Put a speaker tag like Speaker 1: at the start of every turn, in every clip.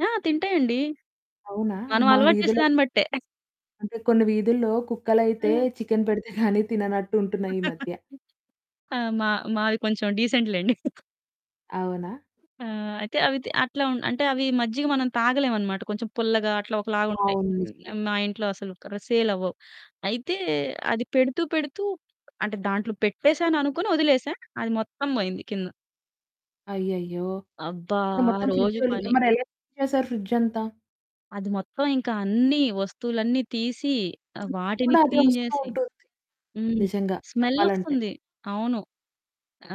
Speaker 1: ఆ! తింటాయండి.
Speaker 2: అవునా!
Speaker 1: మనం
Speaker 2: మా
Speaker 1: అలవాటు
Speaker 2: వీధిలో
Speaker 1: చేసేదాన్ని బట్టే.
Speaker 2: అంటే, కొన్ని వీధుల్లో
Speaker 1: ఆ!
Speaker 2: కుక్కలైతే చికెను పెడితే గానీ తిననట్టుంటున్నయి ఈ మధ్య.
Speaker 1: ఆ! మా మాది కొంచెం డీసెంట్ లేండి.
Speaker 2: అవునా?
Speaker 1: ఆ! అయితే, అవితే అట్లా ఉండు అంటే అవి మజ్జిగ మనం తాగలేమనమాట. కొంచెం పుల్లగా, అట్లా ఒకలా ఉంటయి.
Speaker 2: అవును. నిజమే.
Speaker 1: హ్మ్. మా ఇంట్లో అసలుకా సేలవ్వవు. అయితే, అది పెడుతూ పెడుతూ అంటే దాంట్లో పెట్టేశాననుకోని ఒదిలేశా. అది మొత్తం బోయింది కింద.
Speaker 2: అయ్యయ్యో!
Speaker 1: అబ్బా!
Speaker 2: అంటే,
Speaker 1: ఆ
Speaker 2: మొత్తం
Speaker 1: రోజు
Speaker 2: ఫ్రిడ్జోలి
Speaker 1: పని
Speaker 2: మరెలా క్లీన్ చేశారు ఫ్రిడ్జ్ అంతా?
Speaker 1: అది మొత్తం. ఇంకా అన్నీ వస్తువులన్నీ తీసి, ఆహ్,
Speaker 2: చుట్టు
Speaker 1: వాటిని
Speaker 2: కూడా అదే
Speaker 1: క్లీన్
Speaker 2: ఒస్తూ
Speaker 1: జేసి,
Speaker 2: ఉంటుంది.
Speaker 1: హ్మ్.
Speaker 2: నిజంగా!
Speaker 1: స్మెల్
Speaker 2: చెప్పాలంటే.
Speaker 1: ఒస్తంది. అవును.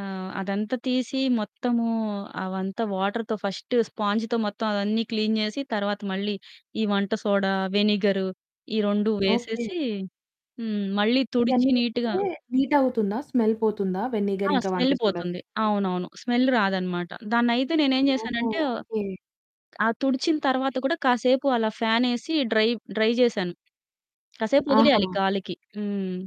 Speaker 1: ఆహ్, అదంతా తీసి మొత్తము అవంతా వాటర్‌తో ఫస్ట్ స్పాంజ్‌తో మొత్తం అవన్నీ క్లీన్ జేసి తర్వాత మళ్ళీ ఈ వంట సోడా, వెనిగరు ఈ 2
Speaker 2: ఓకే.
Speaker 1: వేసేసి హ్మ్, మళ్ళీ తుడిచి
Speaker 2: ఇయన్నీ
Speaker 1: నీట్‌గా
Speaker 2: వేస్తే నీట్ అవుతుందా? స్మెల్ పోతుందా?
Speaker 1: ఆ!
Speaker 2: వెనిగర్ ఇంకా వంట
Speaker 1: స్మెల్
Speaker 2: సోడా
Speaker 1: పోతుంది.
Speaker 2: వేస్తే?
Speaker 1: అవునవును. స్మెల్ రాదనమాట. దాన్నైతే నేనేం
Speaker 2: ఓహో!
Speaker 1: జేశానంటే,
Speaker 2: ఓకే.
Speaker 1: ఆహ్, తుడిచిన తర్వాత కూడా కాసేపు అలా ఫ్యానేసి డ్రై, డ్రై జేశాను. కాసేపు ఒదిలేయాలి
Speaker 2: ఆహా!
Speaker 1: గాలికి. హ్మ్.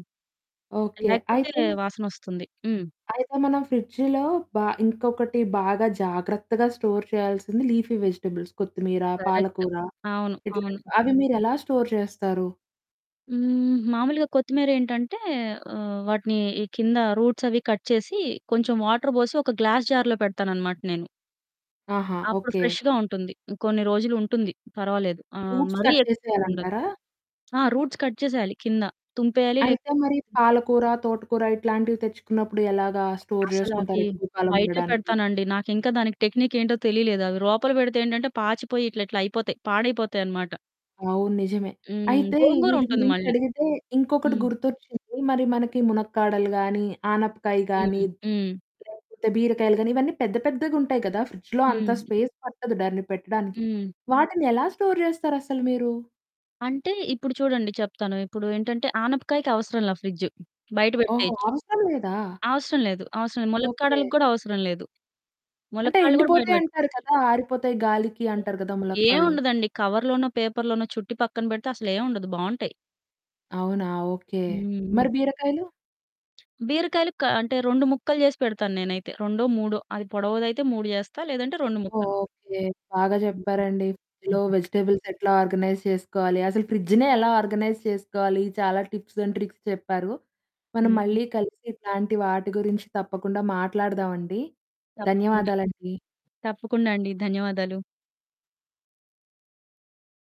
Speaker 2: ఓకే.
Speaker 1: లేకపోతే
Speaker 2: అయితే...
Speaker 1: వాసనొస్తుంది. హ్మ్.
Speaker 2: అయితే, మనం ఫ్రిడ్జు‌లో బా ఇంకొకటి బాగా జాగ్రత్తగా స్టోర్ చేయాల్సింది, లీఫీ వెజిటబుల్స్. కొత్తిమీర,
Speaker 1: కరెక్ట్.
Speaker 2: పాలకూర,
Speaker 1: అవును. అవును.
Speaker 2: ఇట్లాంటివి. అవి మీరెలా స్టోర్ చేస్తారు?
Speaker 1: హ్మ్, మామూలుగా కొత్తిమీరేంటంటే ఆహ్, వాటిని ఈ కింద రూట్స్ అవి కట్ చేసి కొంచెం వాటర్ బోసి ఒక గ్లాస్ జార్‌లో పెడతాననమాట నేను.
Speaker 2: ఆహా!
Speaker 1: అప్పుడు
Speaker 2: ఓకే.
Speaker 1: ఫ్రెష్‌గా ఉంటుంది. కొన్ని రోజులు ఉంటుంది. పర్వాలేదు. ఆ!
Speaker 2: రూట్స్
Speaker 1: మరీ
Speaker 2: కట్
Speaker 1: ఎక్కువుండదు.
Speaker 2: చేసేయాలంటారా?
Speaker 1: ఆ! రూట్స్ కట్ చేసేయాలి కింద తుంపేయాలి. లేక
Speaker 2: అయితే, మరి పాలకూర, తోటకూర ఇట్లాంటివి తెచ్చుకున్నప్పుడు, ఎలాగా స్టోర్ జేసుకుంటారు
Speaker 1: అసలవి
Speaker 2: ఎక్కువ కాలం
Speaker 1: బయటే
Speaker 2: ఉండడానికి?
Speaker 1: పెడతానండి. నాకింకా దానికి టెక్నిక్ ఏంటో తెలియలేదు. అవి లోపల పెడితే ఏంటంటే పాచిపోయి ఇట్లి‌ట్లా అయిపోతాయి. పాడైపోతాయనమాట.
Speaker 2: అవును. నిజమే.
Speaker 1: హ్మ్.
Speaker 2: అయితే, వీటి
Speaker 1: గోంగూరుంటుంది
Speaker 2: గురించి
Speaker 1: మళ్ళీ.
Speaker 2: అడిగితే ఇంకొకటి
Speaker 1: హ్మ్.
Speaker 2: గుర్తొచ్చింది. మరి మనకి మునక్కాడలు గాని, ఆనపకాయ గాని,
Speaker 1: హ్మ్. హ్మ్.
Speaker 2: లేకపోతే బీరకాయలు గాని, ఇవన్నీ పెద్ద పెద్దగుంటాయి కదా! ఫ్రిడ్జులో అంత
Speaker 1: హ్మ్.
Speaker 2: స్పేస్ పట్టదు దాన్ని పెట్టడానికి.
Speaker 1: హ్మ్.
Speaker 2: వాటిని ఎలా స్టోర్ జేస్తారసలు మీరు?
Speaker 1: అంటే, ఇప్పుడు చూడండి చెప్తాను. ఇప్పుడు ఏంటంటే ఆనపకాయకి అవసరంలా ఫ్రి‌డ్జు. బయట
Speaker 2: ఓహో!
Speaker 1: బెట్టేయొచ్చు.
Speaker 2: అవసరం లేదా?
Speaker 1: అవసరం లేదు. అవసరం లేదు.
Speaker 2: ఓకే.
Speaker 1: ములక్కాడలకు గూడా అవసరం లేదు.
Speaker 2: అంటే,
Speaker 1: ములక్కాళ్ళు గూడా బయట
Speaker 2: ఎండిపోతాయంటారు
Speaker 1: బెట్టుకోవచ్చు.
Speaker 2: కదా! ఆరిపోతాయి గాలికి అంటారు గదా! ములక్కాళ్ళు.
Speaker 1: ఏవుండదండి. కవర్ లోనో, పేపర్ లోనో చుట్టి పక్కన బెడితే అసలేం ఉండదు బావుంటయి.
Speaker 2: అవునా! ఓకే. మరి
Speaker 1: హుహు.
Speaker 2: బీరకాయలు?
Speaker 1: బీరకాయలు? క అంటే, 2 ముక్కలు జేసి పెడతాను నేనైతే. రొండో, మూడో అది పొడవుదయితే 3 జేస్తా. లేదంటే, 2 ముక్కలు.
Speaker 2: ఓకే. బాగా
Speaker 1: హుహు.
Speaker 2: జెప్పారండి. ఫ్రిడ్జు‌లో
Speaker 1: హుహు.
Speaker 2: వెజిటబుల్స్ ఎట్లా ఆర్గనైజ్ చేసుకోవాలి? అసలు ఫ్రిడ్జునే ఎలా ఆర్గనైజ్ చేసుకోవాలి? చాలా టిప్స్ అండ్ ట్రిక్స్ చెప్పారు. మనం
Speaker 1: హుహు.
Speaker 2: మళ్ళీ కలిసి ఇట్లాంటి వాటి గురించి తప్పకుండా మాట్లాడుదామండి.
Speaker 1: తప్పకుండా!
Speaker 2: ధన్యవాదాలండి.
Speaker 1: తప్పకుండా అండి. ధన్యవాదాలు.